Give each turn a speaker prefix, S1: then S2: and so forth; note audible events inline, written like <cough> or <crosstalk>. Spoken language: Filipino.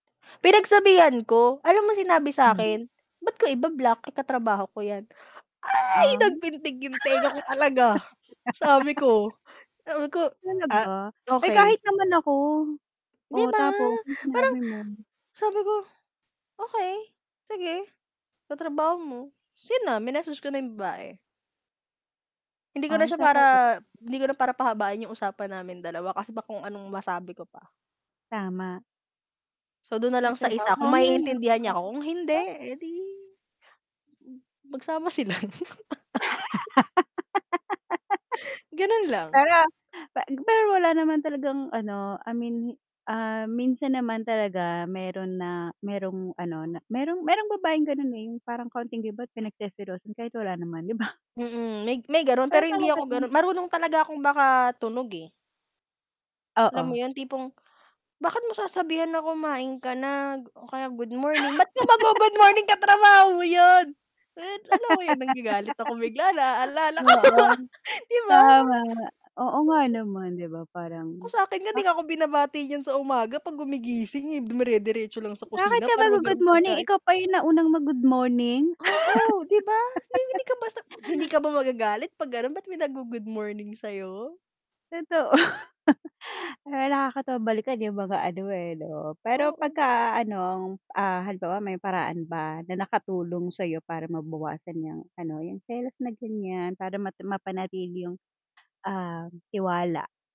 S1: Pinagsabihan ko, alam mo sinabi
S2: <unintelligible>
S1: sa'kin? "Ba't ko iba-block, eh, katrabaho ko yan?" Ay!
S2: Um.
S1: Nagpintig yung tenga ko talaga! Sabi ko sabi ko,
S2: <laughs>
S1: "Ah,
S2: Talaga? Eh,
S1: okey."
S2: kahit naman ako.
S1: 'Di
S2: Oh,
S1: ba?
S2: tapos anong
S1: Parang
S2: sinabi mo?
S1: sabi ko, "Okey, sige, katrabaho mo." ta's 'yon na, minessage ko na yung babae. Hindi ko na
S2: Ay,
S1: siya para
S2: talaga <unintelligible>
S1: hindi ko na para pahabain yung usapan namin dalawa kasi baka kung anong masabi ko pa.
S2: Tama.
S1: So dun na lang sa
S2: Katrabaho.
S1: isa,
S2: Oo
S1: kung
S2: nga naman.
S1: maiintindihan niya ako, kung hindi,
S2: <unintelligible> Sa
S1: eh, 'di mm magsama sila. <laughs> Ganun
S2: <laughs>
S1: lang.
S2: Pero, pe pero wala naman talagang ano, I mean, ah, minsan naman talaga meron na, merong ano na merong merong babaeng ganun, eh yung parang konting kibot pinagseselosan, kahit wala naman 'di ba?
S1: Mm, may may ganun
S2: Kaya
S1: pero
S2: pala
S1: hindi ako
S2: gano'n.
S1: gano marunong talaga akong makatunog, eh. Alam mo
S2: Oo.
S1: 'yon, tipong, bakit mo sasabihan na, "Kumain ka na?" o kaya "Good
S2: <gasps>
S1: morning." ba't ka mag-gu-good morning, katrabaho mo 'yon? What? Alam mo 'yon, nagagalit ako bigla,
S2: <laughs>
S1: naaalala ko.
S2: Oo.
S1: <laughs> 'Di ba, para
S2: Tama nga. Oo nga
S1: sobra.
S2: naman, 'di ba parang,
S1: Kung sa'kin nga di
S2: bakit
S1: nga 'ko binabati niyan sa umaga 'pag gumigising, eh. Dumire-diretso lang sa
S2: bakit
S1: kusina
S2: ka
S1: para
S2: mag-go-good
S1: maghanap
S2: morning?
S1: pagkain.
S2: Ikaw pa yung naunang mag-good morning?
S1: Oo, 'di ba? Hinding-hindi ka basta
S2: <laughs>
S1: hindi
S2: <gasps>
S1: ka ba magagalit 'pag gano'n, ba't may nag-gu-good morning sa'yo?
S2: Totoo. <laughs> Alam mo nakakatawa balikan yung mga ano, eh, 'no? Pero
S1: Oo.
S2: pagka anong, ah, halimbawa may paraan ba na nakatulong sa iyo para mabawasan yang ano, yung selos na ganiyan, para mata mapanatili yung, um, tiwala?